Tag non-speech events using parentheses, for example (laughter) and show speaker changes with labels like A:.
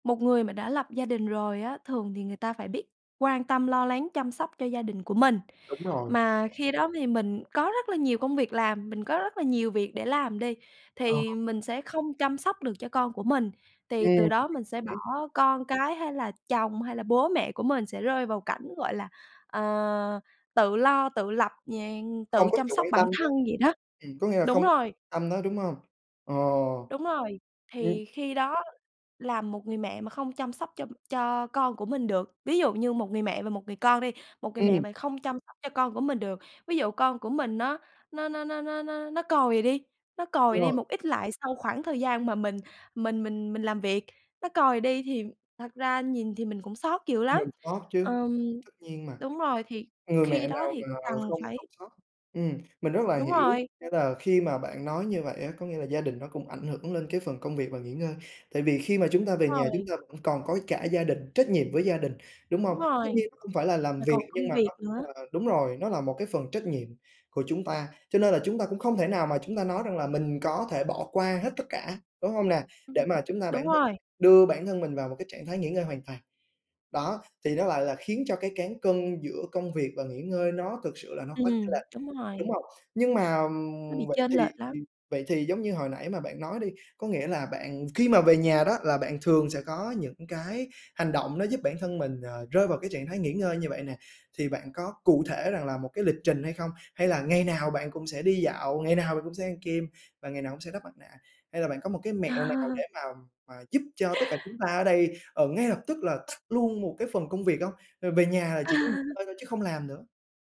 A: Một người mà đã lập gia đình rồi á, thường thì người ta phải biết quan tâm, lo lắng, chăm sóc cho gia đình của mình.
B: Đúng rồi.
A: Mà khi đó thì mình có rất là nhiều công việc làm, mình có rất là nhiều việc để làm đi
B: Ờ.
A: thì mình sẽ không chăm sóc được cho con của mình, thì từ
B: Ừm..
A: đó mình sẽ bỏ
B: (unintelligible)
A: con cái hay là chồng hay là bố mẹ của mình sẽ rơi vào cảnh, gọi là, ờ, tự lo, tự lập, dạng
B: Không
A: tự
B: có
A: chăm
B: sự
A: sóc
B: quan
A: bản
B: tâm đó.
A: thân vậy đó.
B: Ừm, có nghĩa là
A: Đúng
B: không
A: rồi.
B: tâm nó, đúng hông? Ờ.
A: Đúng rồi.
B: Ừm.
A: Thì khi đó làm một người mẹ mà không chăm sóc cho cho con của mình được, ví dụ như một người mẹ và một người con đi, một người mẹ
B: Ừm.
A: mà không chăm sóc cho con của mình được, ví dụ con của mình nó nó nó nó nó nó nó còi đi nó còi
B: Đúng
A: đi
B: rồi.
A: một ít lại sau khoảng thời gian mà mình mình mình mình làm việc, nó còi đi thì thật ra nhìn thì mình cũng xót dữ lắm.
B: Mình xót chứ!
A: Ừm
B: Tất nhiên mà.
A: đúng rồi, thì
B: Người mẹ
A: khi đó
B: nào
A: thì
B: mà
A: cần
B: không
A: phải
B: không xót. Ừm, mình rất là
A: Đúng
B: hiểu,
A: rồi.
B: nghĩa là khi mà bạn nói như vậy á, có nghĩa là gia đình nó cũng ảnh hưởng lên cái phần công việc và nghỉ ngơi, tại vì khi mà chúng ta về
A: Đúng
B: nhà chúng
A: rồi.
B: ta vẫn còn có cả gia đình, trách nhiệm với gia đình, đúng
A: Đúng
B: hông? Tất
A: rồi.
B: nhiên nó hông phải là làm
A: Mà còn
B: việc, nhưng
A: công
B: mà
A: việc
B: nó cũng
A: nữa.
B: là đúng rồi, nó là một cái phần trách nhiệm của chúng ta. Cho nên là chúng ta cũng không thể nào mà chúng ta nói rằng là mình có thể bỏ qua hết tất cả, đúng hông nè?
A: Ừm.
B: Để mà chúng ta bản
A: Đúng
B: thân
A: rồi.
B: đưa bản thân mình vào một cái trạng thái nghỉ ngơi hoàn toàn. Đó, thì nó lại là khiến cho cái cán cân giữa công việc và nghỉ ngơi nó thực sự là nó có chênh
A: Ừm,
B: lệch.
A: đúng
B: Đúng
A: rồi.
B: hông? Nhưng mà,
A: Nó
B: ừm,
A: bị
B: vậy
A: chênh
B: thì
A: lệch lắm.
B: thì vậy thì giống như hồi nãy mà bạn nói đi, có nghĩa là bạn khi mà về nhà đó là bạn thường sẽ có những cái hành động nó giúp bản thân mình, ờ, rơi vào cái trạng thái nghỉ ngơi như vậy nè, thì bạn có cụ thể rằng là một cái lịch trình hay không, hay là ngày nào bạn cũng sẽ đi dạo, ngày nào bạn cũng sẽ ăn kem và ngày nào cũng sẽ đắp mặt nạ, hay là bạn có một cái mẹo nào để
A: (laughs)
B: mà mà giúp cho tất cả chúng ta ở đây, ờ, ngay lập tức là tắt luôn một cái phần công việc hông? Và về nhà là chỉ có nghỉ
A: (laughs)
B: ngơi thôi chứ không làm nữa.